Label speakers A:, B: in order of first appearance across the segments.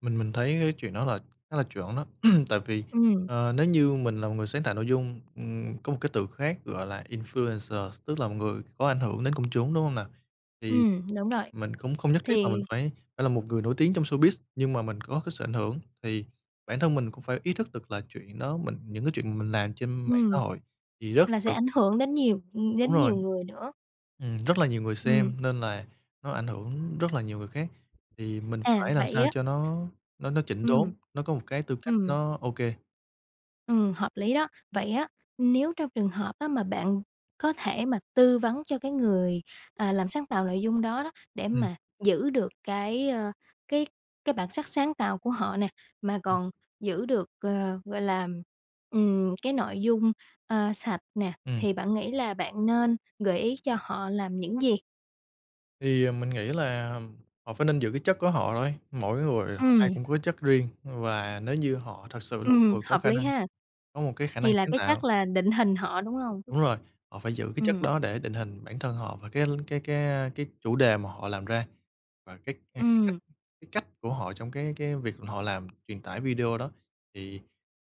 A: Mình mình thấy cái chuyện đó là khá là chuẩn đó. Tại vì,
B: Ừm.
A: ờ, nếu như mình là một người sáng tạo nội dung, ừm, có một cái từ khác gọi là influencer, tức là một người có ảnh hưởng đến công chúng, đúng hông nào? Thì
B: Ừm, đúng rồi.
A: mình cũng không nhất thiết là mình
B: Thì
A: phải phải là một người nổi tiếng trong showbiz, nhưng mà mình có cái sự ảnh hưởng, thì bản thân mình cũng phải ý thức được là chuyện đó mình những cái chuyện mình làm trên mạng xã
B: Ừm.
A: hội thì rất
B: Là sẽ
A: được
B: ảnh hưởng đến nhiều, ừm,
A: Đúng
B: đến
A: rồi,
B: nhiều người nữa.
A: ừm, rất là nhiều người
B: Ừm.
A: xem, nên là, nó ảnh hưởng rất là nhiều người khác. Thì mình
B: À,
A: phải làm
B: vậy
A: sao
B: á
A: cho nó nó nó chỉnh
B: Ừm.
A: đốn, nó có một cái tư cách
B: Ừm.
A: nó, ô kê.
B: Ừm, hợp lý đó, vậy á, nếu trong trường hợp, á, mà bạn có thể mà tư vấn cho cái người, à, làm sáng tạo nội dung đó đó, để
A: Ừm.
B: mà giữ được cái, ờ, cái cái bản sắc sáng tạo của họ nè, mà
A: Ừm.
B: còn giữ được, à, gọi là, ừm, cái nội dung, à, sạch nè,
A: Ừm
B: thì
A: [unintelligible]
B: bạn nghĩ là bạn nên gợi ý cho họ làm những gì?
A: Thì, à, mình nghĩ làm họ phải nên giữ cái chất của họ thôi, mỗi người họ, ai
B: Ừm.
A: cũng có chất riêng, và nếu như họ thật sự là một
B: Ừm,
A: người có
B: hợp
A: khả
B: lý
A: năng,
B: ha.
A: có một cái khả năng
B: Thì là
A: sáng
B: cái
A: tạo.
B: chắc là định hình họ, đúng hông?
A: Đúng rồi, họ phải giữ cái chất
B: Ừm.
A: đó để định hình bản thân họ và cái l cái cái, a, cái chủ đề mà họ làm ra, và cái cái cái cách
B: Ừm.
A: cái cách của họ trong cái cái việc họ làm truyền tải video đó, thì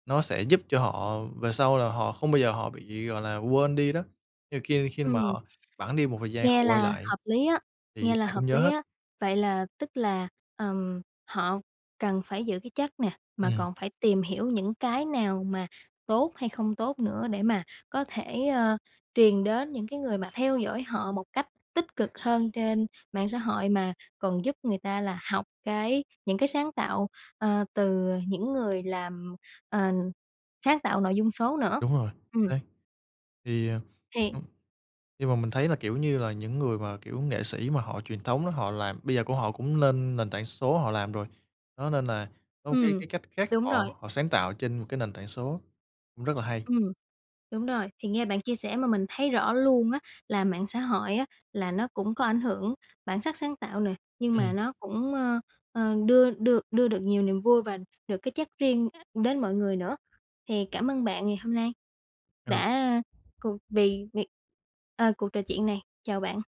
A: nó sẽ giúp cho họ về sau là họ không bao giờ họ bị, gọi là, quên đi đó. Nhưng mà ki khi mà
B: Ừm.
A: họ bẵng đi một thời gian họ
B: Nghe
A: quay
B: là
A: lại,
B: hợp lý á,
A: thì
B: nghe là
A: ai
B: hợp
A: cũng nhớ
B: lý
A: hết.
B: á. Vậy là tức là, ờm, họ cần phải giữ cái chất nè, mà
A: Ừm.
B: còn phải tìm hiểu những cái nào mà tốt hay không tốt nữa, để mà có thể, ơ, truyền đến những cái người mà theo dõi họ một cách tích cực hơn trên mạng xã hội, mà còn giúp người ta là học cái những cái sáng tạo, ờ, từ, ờ, những người làm, ờ, sáng tạo nội dung số nữa.
A: Đúng rồi,
B: Ừm.
A: xác. Thì, à,
B: Thì
A: nhưng mà, mình thấy là, kiểu như là, những người mà, kiểu, nghệ sĩ mà họ truyền thống á, họ làm bây giờ cũng họ cũng nên nền tảng số họ làm rồi. Đó, nên là, có một cái
B: Ừm,
A: cái cách khác
B: đúng rồi.
A: họ họ sáng tạo trên một cái nền tảng số, cũng rất là hay.
B: Ừm, đúng rồI, thì nghe bạn chia sẻ mà mình thấy rõ luôn á, là mạng xã hội á là nó cũng có ảnh hưởng bản sắc sáng tạo nè, nhưng mà
A: Ừm.
B: nó cũng ơ, ờ, đưa đưa đưa được nhiều niềm vui và được cái chất riêng đến mọi người nữa. Thì cảm ơn bạn ngày hôm nay,
A: Ừ.
B: đã cuộc về việc ờ, cuộc trò chuyện này. Chào bạn.